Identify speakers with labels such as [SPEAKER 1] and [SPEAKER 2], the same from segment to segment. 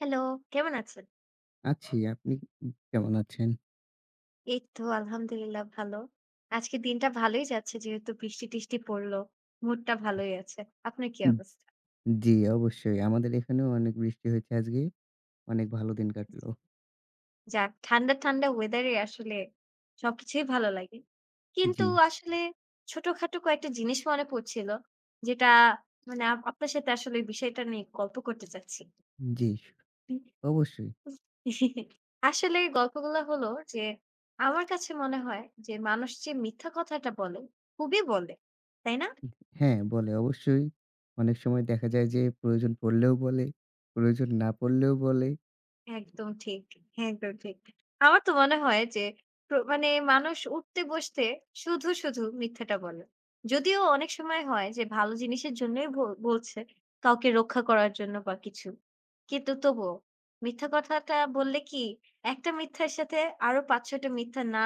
[SPEAKER 1] Hello, কেমন আছেন?
[SPEAKER 2] আছি। আপনি কেমন আছেন?
[SPEAKER 1] এই তো আলহামদুলিল্লাহ ভালো। আজকের দিনটা ভালই যাচ্ছে যেহেতু বৃষ্টি-টিষ্টি পড়ল। মুডটা ভালোই আছে। আপনার কী অবস্থা?
[SPEAKER 2] জী, অবশ্যই আমাদের এখানেও অনেক বৃষ্টি হয়েছে আজকে। অনেক ভালো দিন কাটল।
[SPEAKER 1] যাক ঠান্ডা, ঠান্ডা ওয়েদারে আসলে সবকিছুই ভালো লাগে। কিন্তু
[SPEAKER 2] জী।
[SPEAKER 1] আসলে ছোটখাটো কয়েকটা জিনিস মনে পড়ছিল যেটা মানে আপনার সাথে আসলে বিষয়টা নিয়ে গল্প করতে চাচ্ছি।
[SPEAKER 2] জী, অবশ্যই।
[SPEAKER 1] আসলে গল্পগুলা হলো যে আমার কাছে মনে হয় যে মানুষ যে মিথ্যা কথাটা বলে খুবই বলে। তাই না?
[SPEAKER 2] হ্যাঁ, বলে অবশ্যই। অনেক সময় দেখা যায় যে প্রয়োজন পড়লেও বলে, প্রয়োজন না পড়লেও বলে।
[SPEAKER 1] একদম ঠিক, একদম ঠিক। আমার তো মনে হয় যে আ মানে মানুষ উঠতে বসতে শুধু, শুধু মিথ্যাটা বলে। যদিও অনেক সময় হয় যে ভালো জিনিসের জন্যই বো বলছে কাউকে রক্ষা করার জন্য বা কিছু। কিন্তু তবুও মিথ্যা কথাটা বললে কি একটা মিথ্যার সাথে আরো ৫ ৬ টা মিথ্যা না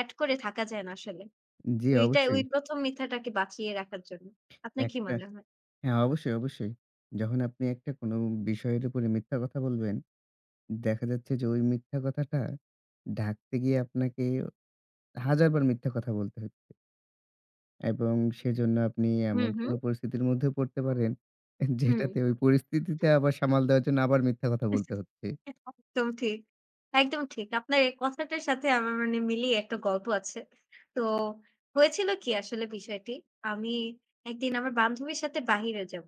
[SPEAKER 1] এড করে থাকা যায় না আসলে।
[SPEAKER 2] জী,
[SPEAKER 1] ঐটা
[SPEAKER 2] অবশ্যই।
[SPEAKER 1] ওই ১ম মিথ্যাটাকে বাঁচিয়ে রাখার জন্য। আপনার কি
[SPEAKER 2] একটা
[SPEAKER 1] মনে হয়?
[SPEAKER 2] হ্যাঁ অবশ্যই, অবশ্যই। যখন আপনি একটা কোন বিষয়ের উপরে মিথ্যা কথা বলবেন দেখা যাচ্ছে যে ওই মিথ্যা কথাটা ঢাকতে গিয়ে আপনাকে হাজার বার মিথ্যা কথা বলতে হচ্ছে। এবং সেজন্য আপনি
[SPEAKER 1] হু,
[SPEAKER 2] এমন কোন
[SPEAKER 1] হু।
[SPEAKER 2] পরিস্থিতির মধ্যেও পড়তে পারেন, এ
[SPEAKER 1] হুম।
[SPEAKER 2] যেটাতে ওই পরিস্থিতিতে আবার সামাল দেওয়ার জন্য আবার মিথ্যা কথা বলতে
[SPEAKER 1] [unintelligible]
[SPEAKER 2] হচ্ছে।
[SPEAKER 1] একদম ঠিক, একদম ঠিক। আপনার এই কথাটার সাথে আমার মানে মিলিয়ে একটা গল্প আছে। তো হয়েছিল কি আসলে বিষয়টি? আমি একদিন আমার বান্ধবীর সাথে বাহিরে যাব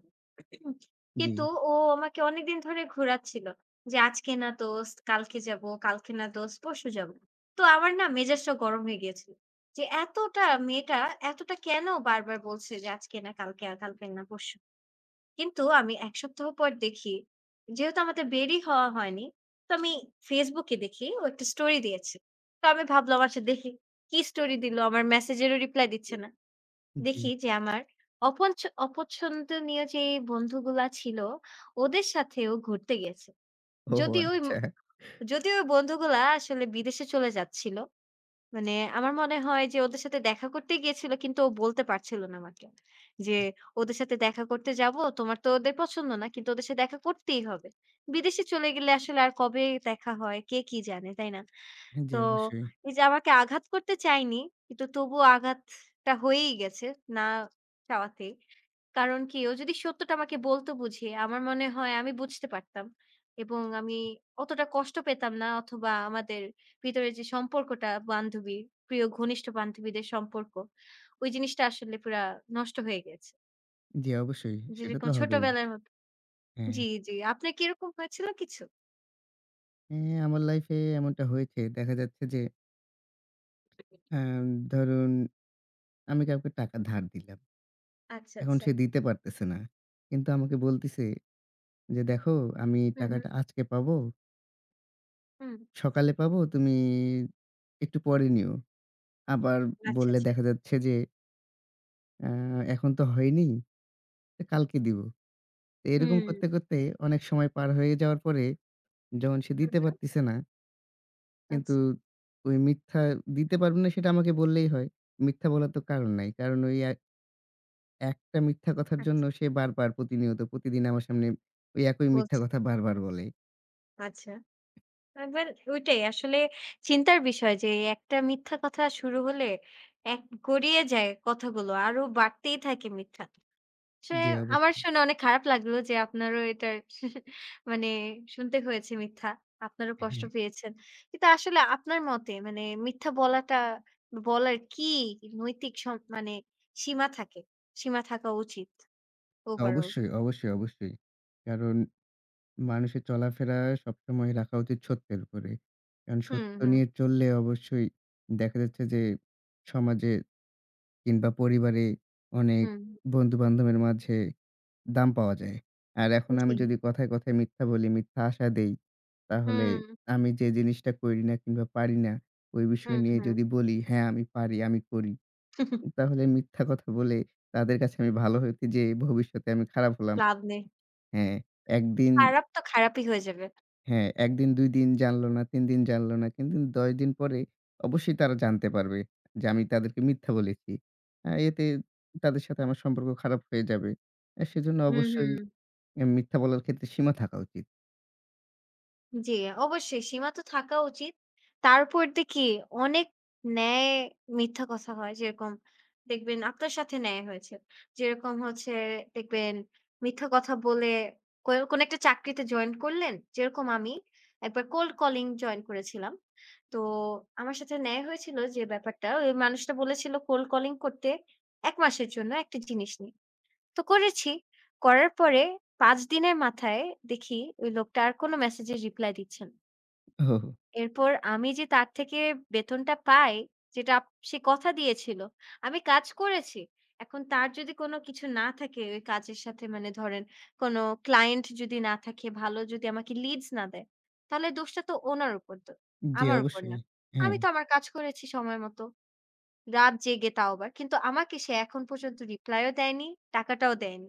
[SPEAKER 1] কিন্তু
[SPEAKER 2] জি।
[SPEAKER 1] ও আমাকে অনেকদিন ধরে ঘোরাচ্ছিল। যে, "আজকে না দোস্ত, কালকে যাবো, কালকে না দোস্ত, পরশু যাব।" তো আমার না মেজাজটা গরম হয়ে গিয়েছিল। যে এতটা মেয়েটা এতটা কেন বারবার বলছে যে, "আজকে না কালকে, আর কালকে না পরশু।" কিন্তু আমি 1 সপ্তাহ পর দেখি, যেহেতু আমাদের বেরই হওয়া হয়নি, তো আমি Facebook এ দেখি ও একটা স্টোরি দিয়েছে। তো আমি ভাবলাম, "আচ্ছা, দেখি কি স্টোরি দিল? আমার মেসেজেরও রিপ্লাই দিচ্ছে না।" দেখি
[SPEAKER 2] জি।
[SPEAKER 1] যে আমার অপনছ অপছন্দনীয় যেই বন্ধুগুলা ছিল, ওদের সাথে ও ঘুরতে গিয়েছে।
[SPEAKER 2] ওহ,
[SPEAKER 1] যদিও উম
[SPEAKER 2] আচ্ছা।
[SPEAKER 1] যদিও ওই বন্ধুগুলা আসলে বিদেশে চলে যাচ্ছিল। মানে আমার মনে হয় যে ওদের সাথে দেখা করতেই গিয়েছিল, কিন্তু ও বলতে পারছিল না আমাকে। যে, "ওদের সাথে দেখা করতে যাব। তোমার তো ওদের পছন্দ না। কিন্তু ওদের সাথে দেখা করতেই হবে। বিদেশে চলে গেলে আসলে আর কবে দেখা হয়, কে কি জানে," তাই না?
[SPEAKER 2] হ্যাঁ, জি,
[SPEAKER 1] তো
[SPEAKER 2] অবশ্যই।
[SPEAKER 1] এইযে আমাকে আঘাত করতে চায়নি। কিন্তু তবুও আঘাতটা হয়েই গেছে, না চাওয়াতে। কারণ কি? ও যদি সত্যটা আমাকে বলতে বুঝিয়ে, আমার মনে হয় আমি বুঝতে পারতাম এবং আমি অতটা কষ্ট পেতাম না অথবা, আমাদের ভিতরে যে সম্পর্কটা বান্ধবীর প্রিয় ঘনিষ্ঠ বান্ধবীদের সম্পর্ক, ওই জিনিসটা আসলে পুরা নষ্ট হয়ে গিয়েছে।
[SPEAKER 2] জি অবশ্যই, সেটা তো
[SPEAKER 1] যেরকম ছোট
[SPEAKER 2] হবেই।
[SPEAKER 1] বেলার মতো। জি,
[SPEAKER 2] হ্যাঁ।
[SPEAKER 1] জি আপনার কি এরকম হয়েছিল কিছু?
[SPEAKER 2] হ্যাঁ, আমার life এ এমনটা হয়েছে। দেখা যাচ্ছে যে অ্যা ধরুন, আমি কাউকে টাকা ধার দিলাম।
[SPEAKER 1] আচ্ছা,
[SPEAKER 2] এখন
[SPEAKER 1] আচ্ছা।
[SPEAKER 2] সে দিতে পারতেছে না। কিন্তু আমাকে বলতেছে যে, "দেখো, আমি
[SPEAKER 1] হুম, হুম।
[SPEAKER 2] টাকাটা আজকে পাবো"
[SPEAKER 1] হুম।
[SPEAKER 2] "সকালে পাবো তুমি একটু পরে নিও।" আবার
[SPEAKER 1] আচ্ছা,
[SPEAKER 2] বললে
[SPEAKER 1] আচ্ছা।
[SPEAKER 2] দেখা যাচ্ছে যে "অ্যা এখন তো হয়নি। কালকে দিবো।" তো এরকম
[SPEAKER 1] হুম।
[SPEAKER 2] করতে, করতে অনেক সময় পার হয়ে যাওয়ার পরে, যখন সে
[SPEAKER 1] হুম,
[SPEAKER 2] দিতে
[SPEAKER 1] হুম।
[SPEAKER 2] পারতেছে না, কিন্তু
[SPEAKER 1] আচ্ছা।
[SPEAKER 2] ঐ মিথ্যা দিতে পারবে না সেটা আমাকে বললেই হয়, মিথ্যা বলার তো কারণ নাই। কারণ ঐ এ একটা মিথ্যা কথার
[SPEAKER 1] আচ্ছা।
[SPEAKER 2] জন্য সে বার, বার প্রতিনিয়ত, প্রতিদিন আমার সামনে ঐ একই মিথ্যা
[SPEAKER 1] বলছি।
[SPEAKER 2] কথা বার, বার বলে।
[SPEAKER 1] আচ্ছা। আবার ঐটাই আসলে চিন্তার বিষয় যে একটা মিথ্যা কথা শুরু হলে এক গড়িয়ে যায় কথাগুলো। আরো বাড়তেই থাকে মিথ্যা। সে
[SPEAKER 2] জি
[SPEAKER 1] আমার
[SPEAKER 2] অবশ্যই।
[SPEAKER 1] শুনে অনেক খারাপ লাগলো যে আপনারও এটার মানে শুনতে হয়েছে মিথ্যা। আপনারাও কষ্ট
[SPEAKER 2] হ্যাঁ।
[SPEAKER 1] পেয়েছেন। কিন্তু আসলে আপনার মতে মানে মিথ্যা বলাটা, বলার কি নৈতিক সত মানে সীমা থাকে, সীমা থাকা উচিত। overall.
[SPEAKER 2] অবশ্যই, অবশ্যই, অবশ্যই। কারণ মানুষের চলাফেরা সবসময় রাখা উচিত সত্যের উপরে। কারণ
[SPEAKER 1] হুম,
[SPEAKER 2] সত্য
[SPEAKER 1] হুম।
[SPEAKER 2] নিয়ে চললে অবশ্যই দেখা যাচ্ছে যে সমাজে কিংবা পরিবারে অনেক
[SPEAKER 1] হুম, হুম।
[SPEAKER 2] বন্ধুবান্ধবের মাঝে দাম পাওয়া যায়। আর এখন আমি
[SPEAKER 1] জি।
[SPEAKER 2] যদি কথায়, কথায় মিথ্যা বলি, মিথ্যা আশা দেই তাহলে
[SPEAKER 1] হুম।
[SPEAKER 2] আমি যে জিনিসটা করি না কিংবা পারি না, ঐ বিষয়
[SPEAKER 1] হুম,
[SPEAKER 2] নিয়ে
[SPEAKER 1] হুম।
[SPEAKER 2] যদি বলি হ্যাঁ আমি পারি, আমি করি, তাহলে মিথ্যা কথা বলে তাদের কাছে আমি ভালো হইতে যেয়ে ভবিষ্যতে আমি খারাপ হলাম।
[SPEAKER 1] লাভ নেই।
[SPEAKER 2] হ্যাঁ, একদিন
[SPEAKER 1] খারাপ তো খারাপই হয়ে যাবে।
[SPEAKER 2] হ্যাঁ, ১ দিন ২ দিন জানলো না, ৩ দিন জানলো না, কিন্তু ১০ দিন পরে অবশ্যই তারা জানতে পারবে যে আমি তাদেরকে মিথ্যা বলেছি। অ্যা এতে তাদের সাথে আমার সম্পর্ক খারাপ হয়ে যাবে। সেজন্য
[SPEAKER 1] হুম,
[SPEAKER 2] অবশ্যই
[SPEAKER 1] হুম।
[SPEAKER 2] মিথ্যা বলার ক্ষেত্রে সীমা থাকা উচিত।
[SPEAKER 1] জী অবশ্যই, সীমা তো থাকা উচিত। তারপর দেখি অনেক ন্যায়, মিথ্যা কথা হয়। যেরকম দেখবেন আপনার সাথে ন্যায় হয়েছে। যেরকম হচ্ছে দেখবেন, মিথ্যা কথা বলে কো কোনো একটা চাকরিতে জয়েন করলেন, যেরকম আমি, একবার cold calling join করেছিলাম। তো আমার সাথে ন্যায় হয়েছিল যে ব্যাপারটা, ঐ মানুষটা বলেছিল cold calling করতে এক মাসের জন্য একটা জিনিস নিই। তো করেছি। করার পরে ৫ দিনের মাথায় দেখি ঐ লোকটা আর কোনো মেসেজের রিপ্লাই দিচ্ছেনা।
[SPEAKER 2] ওহোহো।
[SPEAKER 1] এরপর আমি যে তার থেকে বেতনটা পাই, যেটা আপ সে কথা দিয়েছিল, আমি কাজ করেছি, এখন তার যদি কোনো কিছু না থাকে, ঐ কাজের সাথে মানে ধরেন কোনো client যদি না থাকে, ভালো যদি আমাকে leads না দেয়, তাহলে দোষটা তো ওনার উপর তো।
[SPEAKER 2] জ্বী
[SPEAKER 1] আমার উপর
[SPEAKER 2] অবশ্যই,
[SPEAKER 1] না। আমি
[SPEAKER 2] হ্যাঁ।
[SPEAKER 1] তো আমার কাজ করেছি সময় মতো। রাত জেগে তাও আবার। কিন্তু আমাকে সে এখন পর্যন্ত রিপ্লাই ও দেয়নি, টাকাটাও দেয়নি।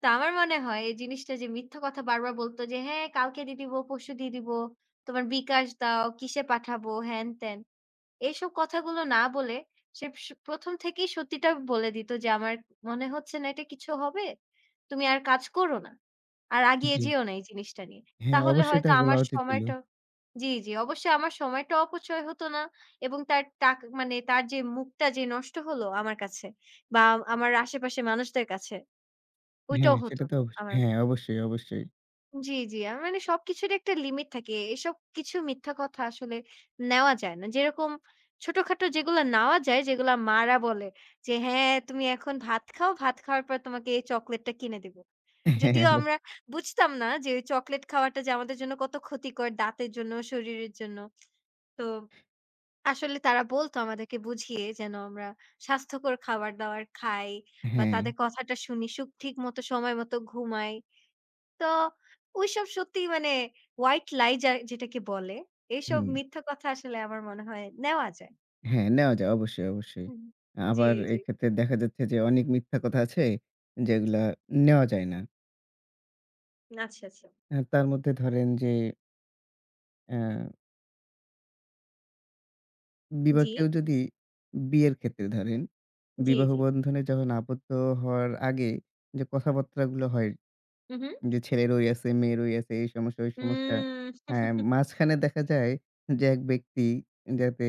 [SPEAKER 1] তো আমার মনে হয় এই জিনিসটা যে মিথ্যা কথা বার, বার বলতো যে, "হ্যাঁ কালকে দিয়ে দিবো, পরশু দিয়ে দিবো। তোমার বিকাশ দাও, কিসে পাঠাবো?" হ্যান ত্যান। এইসব কথাগুলো না বলে সে শু প্রথম থেকেই সত্যিটা বলে দিতো যে, "আমার মনে হচ্ছে না এটা কিছু হবে। তুমি আর কাজ করো না। আর এগিয়ে
[SPEAKER 2] জ্বি।
[SPEAKER 1] যেও না এই জিনিসটা নিয়ে"।
[SPEAKER 2] হ্যাঁ,
[SPEAKER 1] তাহলে
[SPEAKER 2] অবশ্যই
[SPEAKER 1] হয়তো
[SPEAKER 2] তার বলা
[SPEAKER 1] আমার
[SPEAKER 2] উচিত ছিল।
[SPEAKER 1] সময়টা জ্বি, জ্বি অবশ্যই আমার সময়টা অপচয় হতো না এবং তার টাক মানে তার যে মুখটা যে নষ্ট হলো আমার কাছে, বা আমার আশেপাশের মানুষদের কাছে,
[SPEAKER 2] হ্যাঁ
[SPEAKER 1] ওইটাও হতো
[SPEAKER 2] সেটা তো
[SPEAKER 1] না।
[SPEAKER 2] অবশ্যই।
[SPEAKER 1] আমার
[SPEAKER 2] হ্যাঁ অবশ্যই, অবশ্যই।
[SPEAKER 1] জি, জি। আমার মানে সবকিছুরই একটা লিমিট থাকে। এসব কিছু মিথ্যা কথা আসলে নেওয়া যায় না। যেরকম ছোটখাটো যেগুলা নেওয়া যায়, যেগুলা মা রা বলে যে, "হ্যাঁ, তুমি এখন ভাত খাও, ভাত খাওয়ার পর তোমাকে এই চকোলেট টা কিনে দিব।" যদিও
[SPEAKER 2] ব
[SPEAKER 1] আমরা বুঝতাম না যে চকোলেট খাওয়াটা যে আমাদের জন্য কত ক্ষতিকর দাঁতের জন্য, শরীরের জন্য। তো আসলে তারা বলত আমাদেরকে বুঝিয়ে যেন আমরা স্বাস্থ্যকর খাবার-দাবার খাই বা
[SPEAKER 2] হ্যাঁ।
[SPEAKER 1] তাদের কথাটা শুনি, সুখ ঠিক মতো সময় মত ঘুমাই। তো ঐসব সত্যিই মানে white lie যার যেটাকে বলে, এসব
[SPEAKER 2] হুম।
[SPEAKER 1] মিথ্যা কথা আসলে আমার মনে হয় নেওয়া যায়।
[SPEAKER 2] হ্যাঁ, নেওয়া যায় অবশ্যই, অবশ্যই।
[SPEAKER 1] হুম,
[SPEAKER 2] আ
[SPEAKER 1] জি,
[SPEAKER 2] আবার
[SPEAKER 1] জি।
[SPEAKER 2] এক্ষেত্রে দেখা যাচ্ছে যে অনেক মিথ্যা কথা আছে, যেগুলা নেওয়া যায় না।
[SPEAKER 1] আচ্ছা, আচ্ছা।
[SPEAKER 2] আ তার মধ্যে ধরেন যে আ
[SPEAKER 1] জি?
[SPEAKER 2] বিবাকেও যদি, বিয়ের ক্ষেত্রে ধরেন,
[SPEAKER 1] জি,
[SPEAKER 2] বিবাহ
[SPEAKER 1] জি।
[SPEAKER 2] বন্ধনে যখন আবদ্ধ হওয়ার আগে যে কথাবার্তা গুলো হয়
[SPEAKER 1] হু, হু।
[SPEAKER 2] যে ছেলের ওই আছে, মেয়ের ওই আছে, এই সমস্যা, ওই সমস্যা।
[SPEAKER 1] উম
[SPEAKER 2] হ্যাঁ, ম মাঝখানে দেখা যায় যে এক ব্যক্তি, এ যাতে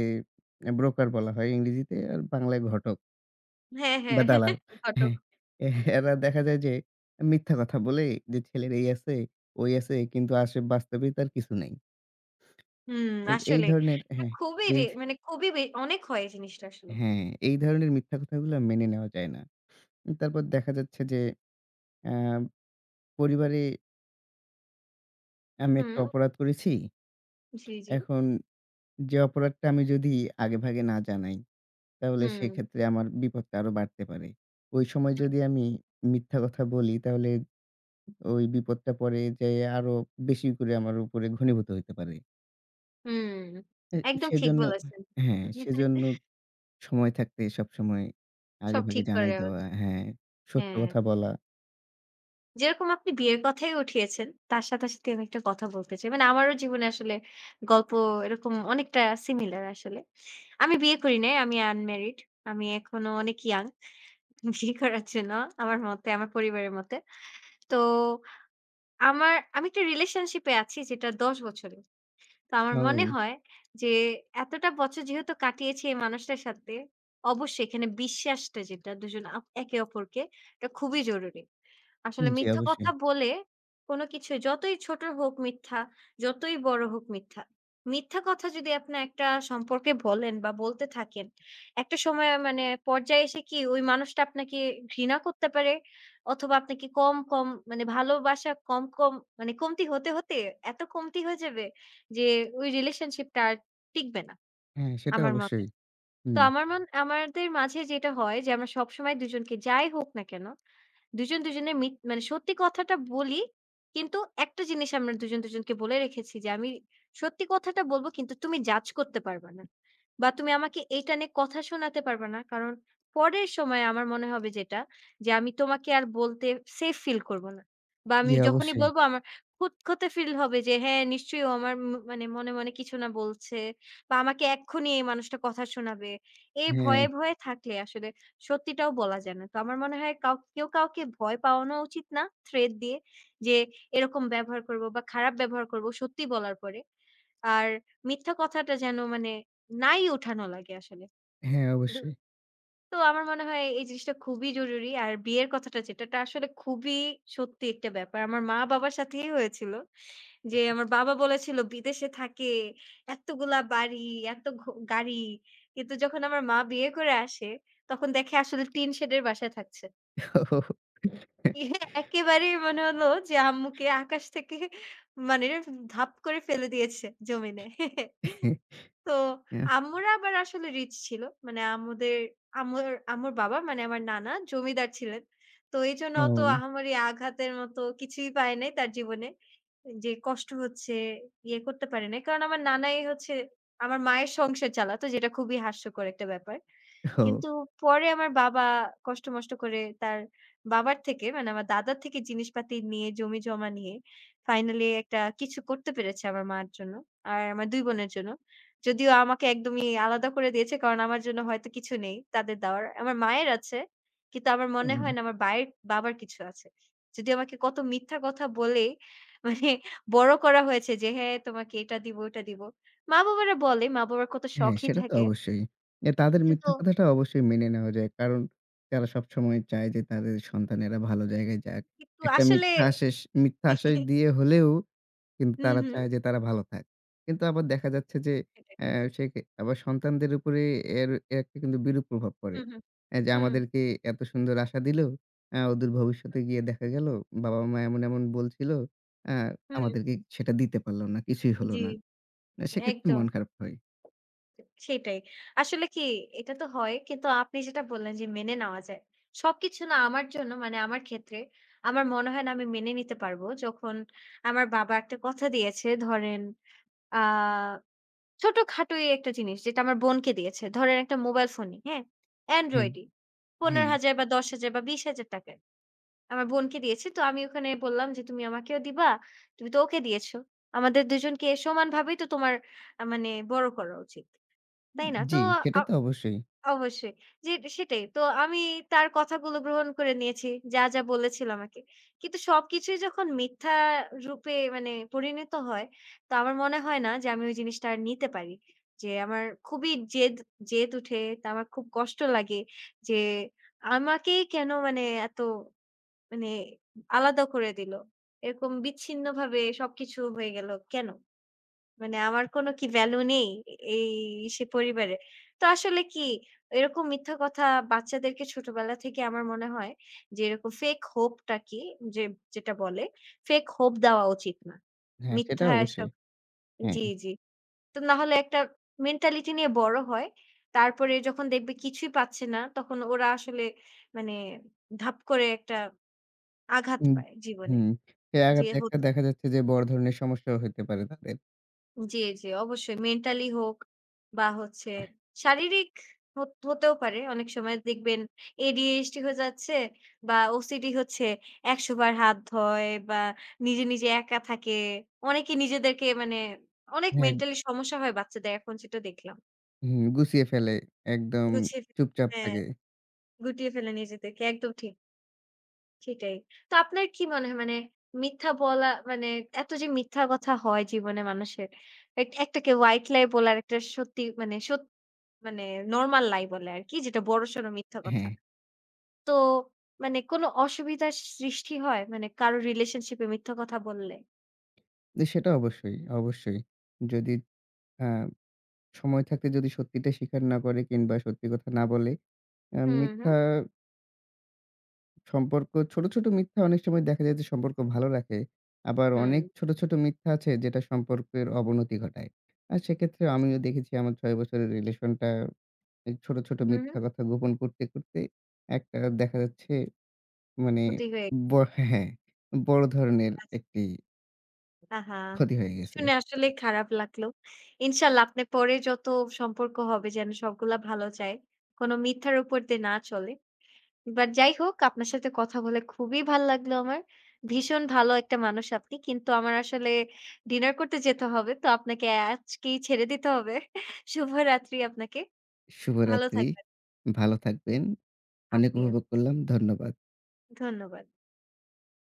[SPEAKER 2] অ্যা ব্রোকার বলা হয় ইংরেজিতে আর বাংলায় ঘটক।
[SPEAKER 1] হ্যাঁ,
[SPEAKER 2] বা
[SPEAKER 1] হ্যাঁ,
[SPEAKER 2] দালাল হ্যাঁ,
[SPEAKER 1] ঘটক।
[SPEAKER 2] এহরা দেখা যায় যে, মিথ্যা কথা বলে যে, "ছেলের এই আছে, ওই আছে।" কিন্তু আসে বাস্তবেই তার কিছু নেই
[SPEAKER 1] হুম,
[SPEAKER 2] এই, এই
[SPEAKER 1] আসলে
[SPEAKER 2] ধরনের
[SPEAKER 1] এটা
[SPEAKER 2] হ্যাঁ,
[SPEAKER 1] খুবই রে
[SPEAKER 2] মিথ
[SPEAKER 1] মানে খুবই বে অনেক হয় এই জিনিসটা আসলে।
[SPEAKER 2] হ্যাঁ, এই ধরনের মিথ্যা কথাগুলা মেনে নেওয়া যায় না। উ তারপর দেখা
[SPEAKER 1] হুম।
[SPEAKER 2] যাচ্ছে যে অ্যাব পরিবারে আমি একটা
[SPEAKER 1] হুম।
[SPEAKER 2] অপরাধ করেছি।
[SPEAKER 1] জি, জি।
[SPEAKER 2] এখন যে অপরাধটা আমি যদি আগেভাগে না জানাই, তাহলে
[SPEAKER 1] হুম।
[SPEAKER 2] সেক্ষেত্রে আমার বিপদটা আরো বাড়তে পারে। ঐ সময় যদি আমি মিথ্যা কথা বলি, তাহলেই ওই বিপদটা পড়ে যে আরো বেশি করে আমার উপরে ঘনীভূত হইতে পারে
[SPEAKER 1] হুম,
[SPEAKER 2] এ
[SPEAKER 1] একদম ঠিক
[SPEAKER 2] সেজন্য
[SPEAKER 1] বলেছেন।
[SPEAKER 2] আ হ্যাঁ, সেজন্য সময় থাকতে সবসময়
[SPEAKER 1] সব
[SPEAKER 2] আগেভাগে
[SPEAKER 1] ঠিক করে
[SPEAKER 2] জানাই
[SPEAKER 1] নেওয়া
[SPEAKER 2] দেওয়া
[SPEAKER 1] উচিৎ।
[SPEAKER 2] হ্যাঁ, সত্য
[SPEAKER 1] হ্যাঁ।
[SPEAKER 2] কথা বলা।
[SPEAKER 1] যেরকম আপনি বিয়ের কথায় উঠিয়েছেন, তার সাথে, সাথে আমি একটা কথা বলতে চাই। মানে আমারও জীবনে আসলে গল্প এরকম অনেকটা সিমিলার আসলে। আমি বিয়ে করি নাই, আমি আনম্যারিড। আমি এখনো অনেক ইয়ং, বিয়ে করার জন্য আমার মতে, আমার পরিবারের মতে। তো আমার আমি একটা রিলেশনশিপে আছি যেটা ১০ বছরের। তা আমার মনে
[SPEAKER 2] ওহ!
[SPEAKER 1] হয় যে এতটা বছর যেহেতু কাটিয়েছি এই মানুষটার সাথে, অবশ্যই এখানে বিশ্বাসটা যেটা দুজন আপ একে অপরকে এটা খুবই জরুরী। আসলে
[SPEAKER 2] জি,
[SPEAKER 1] মিথ্যা
[SPEAKER 2] অবশ্যই।
[SPEAKER 1] কথা বলে, কোন কিছুই যতই ছোট হোক মিথ্যা, যতই বড় হোক মিথ্যা। মিথ্যা কথা যদি আপনার একটা সম্পর্কে বলেন বা বলতে থাকেন, একটা সময়ে মানে পর্যায়ে এসে কি ওই মানুষটা আপনাকে ঘৃণা করতে পারে? অথবা আপনাকে কম, কম মানে ভালোবাসা কম, কম মানে কমতি হতে, হতে এত কমতি হয়ে যাবে যে, ওই রিলেশনশিপটা আর টিকবে না
[SPEAKER 2] হ্যাঁ, সেটা
[SPEAKER 1] আমার মতে।
[SPEAKER 2] অবশ্যই,
[SPEAKER 1] তো
[SPEAKER 2] হুম।
[SPEAKER 1] আমার মন আমাদের মাঝে যেটা হয়, যে আমরা সবসময় দুজনকে যাই হোক না কেন, দুজন দুজনে মিক মানে সত্যি কথাটা বলি কিন্তু, একটা জিনিস আমরা দুজন দুজনকে বলে রেখেছি যে, "আমি সত্যি কথাটা বলব কিন্তু তুমি জাজ করতে পারবা না। বা তুমি আমাকে এটা নিয়ে কথা শোনাতে পারবা না, কারণ পরের সময় আমার মনে হবে যেটা, যে আমি তোমাকে আর বলতে সেফ ফিল করব না বা
[SPEAKER 2] জি,
[SPEAKER 1] আমি যখনই
[SPEAKER 2] অবশ্যই।
[SPEAKER 1] বলব আমা খুঁতখুতে ফিল হবে যে, হ্যাঁ নিশ্চয়ই, ও আমার ম মানে মনে, মনে কিছু না বলছে বা আমাকে এক্ষুনি এই মানুষটা কথা শোনাবে। এই ভয়ে,
[SPEAKER 2] হ্যাঁ।
[SPEAKER 1] ভয়ে থাকলে আসলে সত্যিটাও বলা যায় না।" তো আমার মনে হয় কাউ কেউ কাউকে ভয় পাওয়ানো উচিত না থ্রেড দিয়ে, যে এরকম ব্যবহার করব বা খারাপ ব্যবহার করব, সত্যি বলার পরে। আর মিথ্যা কথাটা যেন মানে নাই উঠানো লাগে আসলে।
[SPEAKER 2] হ্যাঁ,
[SPEAKER 1] দুহ
[SPEAKER 2] অবশ্যই।
[SPEAKER 1] তো আমার মনে হয় এই, এই জিনিসটা খুবই জরুরী। আর বিয়ের কথাটা যেটা এটা আসলে খুবই সত্যি একটা ব্যাপার। আমার মা বাবার সাথেও হয়েছিল, যে আমার বাবা বলেছিল, "বিদেশে থাকে, এতগুলা বাড়ি, এত ঘো গাড়ি।" কিন্তু যখন আমার মা বিয়ে করে আসে, তখন দেখে আসলে টিন শেডের বাসায় থাকছে।
[SPEAKER 2] হ্যাঁ।
[SPEAKER 1] এহে একেবারেই মনে হলো যে আম্মুকে আকাশ থেকে মানে ধাপ করে ফেলে দিয়েছে জমিনে। তো
[SPEAKER 2] ইয়া।
[SPEAKER 1] আম্মুরা আবার আসলে রিচ ছিল। মানে আম্মুদের আম্মুর, আম্মুর বাবা মানে আমার নানা জমিদার ছিলেন। তো এইজন্য অত
[SPEAKER 2] অউ
[SPEAKER 1] আমার আঘাতের মতো কিছুই পায় নাই তার জীবনে। যে কষ্ট হচ্ছে ইয়ে করতে পারি নাই। কারণ আমার নানাই হচ্ছে আমার মায়ের সংসার চালাতো যেটা খুবই হাস্যকর একটা ব্যাপার।
[SPEAKER 2] ওহো!
[SPEAKER 1] কিন্তু পরে আমার বাবা কষ্ট-মষ্ট করে তার বাবার থেকে মানে আমার দাদার থেকে জিনিসপাতি নিয়ে জমি জমা নিয়ে ফাইনাললি একটা কিছু করতে পেরেছে আমার, মার জন্য। আর আমার ২ বোনের জন্য। যদিও আমাকে একদমই আলাদা করে দিয়েছে কারণ আমার জন্য হয়তো কিছু নেই তাদের দেওয়ার। আমার মায়ের আছে। কিন্তু আমার মনে
[SPEAKER 2] হুম।
[SPEAKER 1] হয় না আমার বায়ের বাবার কিছু আছে। যদিও আমাকে কত মিথ্যা কথা বলে মানে বড় করা হয়েছে যে হ্যাঁ, তোমাকে এটা দিবো ওটা দিব। মা-বাবারা বলে, মা-বাবার কত
[SPEAKER 2] হ্যাঁ,
[SPEAKER 1] শখই
[SPEAKER 2] সেটা তো
[SPEAKER 1] থাকে।
[SPEAKER 2] অবশ্যই। অ্যা তাদের
[SPEAKER 1] কিন্তু।
[SPEAKER 2] মিথ্যা কথাটা অবশ্যই মেনে নেওয়া যায়। কারণ তারা সবসময় চায় যে তাদের সন্তানেরা ভালো জায়গায় যাক।
[SPEAKER 1] কিন্তু
[SPEAKER 2] একটা
[SPEAKER 1] আসলে।
[SPEAKER 2] মিথ্যা আশ্বেস মিথ্যা আশ্বাস দিয়ে হলেও কিন্তু
[SPEAKER 1] হুম,
[SPEAKER 2] তারা
[SPEAKER 1] হু।
[SPEAKER 2] চায় যে, তারা ভালো থাক। কিন্তু আবার দেখা যাচ্ছে যে অ্যা সে কে আবার সন্তানদের উপরে এর একটা কিন্তু বিরূপ প্রভাব পড়ে।
[SPEAKER 1] হুম, হুম,
[SPEAKER 2] অ্যা যে
[SPEAKER 1] হুম।
[SPEAKER 2] আমাদেরকে এত সুন্দর আশা দিল, অ্যা অদূর ভবিষ্যতে গিয়ে দেখা গেল। বাবা-মা এমন, এমন বলছিল অ্যা
[SPEAKER 1] হুম।
[SPEAKER 2] আমাদেরকে সেটা দিতে পারল না, কিছুই হলো
[SPEAKER 1] জি,
[SPEAKER 2] না। অ্যা সেক্ষেত্রে
[SPEAKER 1] একদম।
[SPEAKER 2] মন খারাপ হয়।
[SPEAKER 1] সেটাই। আসলে কি এটা তো হয়, কিন্তু আপনি যেটা বললেন যে মেনে নেওয়া যায়। সবকিছু না আমার জন্য মানে আমার ক্ষেত্রে আমার মনে হয় না আমি মেনে নিতে পারব। যখন আমার বাবা একটা কথা দিয়েছে ধরেন আ ছোটখাটোই ১ টা জিনিস যেটা আমার বোনকে দিয়েছে। ধরেন ১ টা মোবাইল ফোনই, হ্যাঁ?
[SPEAKER 2] হ্যাঁ,
[SPEAKER 1] এন্ড্রয়েডই। পনেরো
[SPEAKER 2] হ্যাঁ।
[SPEAKER 1] হাজার বা ৳১০,000 বা ৳২০,000 আমার বোনকে দিয়েছে। তো আমি ওখানে বললাম যে তুমি আমাকেও দিবা? তুমি তো ওকে দিয়েছ। আমাদের ২ জনকে সমানভাবেই তো তোমার আ মানে বড় করা উচিত। তাই না? তো
[SPEAKER 2] জি, সেটা
[SPEAKER 1] আ
[SPEAKER 2] তো অবশ্যই।
[SPEAKER 1] অবশ্যই যে ডে সেটাই। তো আমি তার কথাগুলো গ্রহণ করে নিয়েছি। যা, যা বলেছিল আমাকে। কিন্তু সবকিছুই যখন মিথ্যা রূপে মানে পরিণত হয়, তো আমার মনে হয় না যে আমি ওই জিনিসটা আর নিতে পারি। যে আমার খুবই জেদ, জেদ উঠে তা আমার খুব কষ্ট লাগে যে আমাকেই কেন মানে এত মানে আলাদা করে দিল? এরকম বিচ্ছিন্ন ভাবে সবকিছু হয়ে গেল। কেন? মানে আমার কোন কি ভ্যালু নেই? এ এই সে পরিবারে। তো আসলে কি এরকম মিথ্যা কথা বাচ্চাদেরকে ছোটবেলা থেকে আমার মনে হয় যে এরকম ফেক হোপ টা কি যে যেটা বলে ফেক হোপ দেওয়া উচিত না।
[SPEAKER 2] হ্যাঁ, সেটা
[SPEAKER 1] মিথ্যা এসব
[SPEAKER 2] অবশ্যই। হ্যাঁ।
[SPEAKER 1] জি, জি। তো নাহলে একটা মেন্টালিটি নিয়ে বড় হয়। তারপরে যখন দেখবে কিছুই পাচ্ছে না তখন ওরা আসলে মানে ধাপ করে একটা আঘাত
[SPEAKER 2] হুম,
[SPEAKER 1] পায় জীবনে,
[SPEAKER 2] হুম। সে
[SPEAKER 1] যে
[SPEAKER 2] আঘাতে
[SPEAKER 1] হচ্ছে
[SPEAKER 2] একটা দেখা যাচ্ছে যে বড় ধরনের সমস্যাও হতে পারে তাদের।
[SPEAKER 1] জ্বী, জ্বী অবশ্যই মেন্টালি হোক বা হচ্ছে
[SPEAKER 2] আহ!
[SPEAKER 1] শারীরিক হতে হতেও পারে। অনেক সময় দেখবেন ADHD হয়ে যাচ্ছে বা OCD হচ্ছে, একশবার হাত ধোয় বা নিজে, নিজে একা থাকে। অনেকে নিজেদেরকে মানে অনেক
[SPEAKER 2] হ্যাঁ।
[SPEAKER 1] মেন্টালি সমস্যা হয় বাচ্চাদের এখন যেটা দেখলাম।
[SPEAKER 2] হুম গুছিয়ে ফেলে একদম
[SPEAKER 1] বুঝছি
[SPEAKER 2] চুপচাপ
[SPEAKER 1] হ্যা।
[SPEAKER 2] থাকে।
[SPEAKER 1] গুটিয়ে ফেলে নিজেদেরকে একদম ঠিক। সেটাই। তো আপনার কি মনে হয় মানে মিথ্যা বলা মানে এত যে মিথ্যা কথা হয় জীবনে মানুষের এক একটাকে "white lie" বলার একটা সত্যি মানে সত্যি মানে "normal lie" বলে আরকি যেটা বড়সড় মিথ্যা কথা।
[SPEAKER 2] হ্যাঁ।
[SPEAKER 1] তো মানে কোনো অসুবিধার সৃষ্টি হয় মানে কারো রিলেশনশিপ এ মিথ্যা কথা বললে?
[SPEAKER 2] তো সেটা অবশ্যই অবশ্যই। যদি অ্যা সময় থাকতে যদি সত্যিটা স্বীকার না করে কিংবা সত্যি কথা না বলে অ্যা
[SPEAKER 1] হু, হু।
[SPEAKER 2] মিথ্যা সম্পর্ক ছোট, ছোট মিথ্যা অনেক সময় দেখা যায় যে সম্পর্ক ভালো রাখে। আবার অনেক
[SPEAKER 1] হুম।
[SPEAKER 2] ছোট, ছোট মিথ্যা আছে যেটা সম্পর্কের অবনতি ঘটায়। আর সেক্ষেত্রে আমিও দেখেছি আমার ৬ বছরের রিলেশন টা এই ছোট, ছোট
[SPEAKER 1] হুম,
[SPEAKER 2] মিথ্যা
[SPEAKER 1] হু।
[SPEAKER 2] কথা গোপন করতে, করতে একটা দেখা যাচ্ছে মানে
[SPEAKER 1] ক্ষতি হয়ে গেছে।
[SPEAKER 2] ব হ্যাঁ বড় ধরনের
[SPEAKER 1] আচ্ছা।
[SPEAKER 2] একটি
[SPEAKER 1] আহা,
[SPEAKER 2] ক্ষতি হয়ে গেছে।
[SPEAKER 1] শুনে আসলেই খারাপ লাগলো। ইনশাআল্লাহ আপনার পরে যত সম্পর্ক হবে যেন সবগুলা ভালো যায়। কোন মিথ্যার উপর দিয়ে না চলে। বাট যাই হোক আপনার সাথে কথা বলে খুবই ভাল্লাগলো আমার। ভীষণ ভালো একটা মানুষ আপনি কিন্তু আমার আসলে ডিনার করতে যেতে হবে। তো আপনাকে আজকেই ছেড়ে দিতে হবে। শুভরাত্রি আপনাকে। ভালো
[SPEAKER 2] শুভরাত্রি।
[SPEAKER 1] থাকবেন।
[SPEAKER 2] ভালো থাকবেন। অনেক
[SPEAKER 1] আপনিও।
[SPEAKER 2] উপভোগ করলাম। ধন্যবাদ।
[SPEAKER 1] ধন্যবাদ।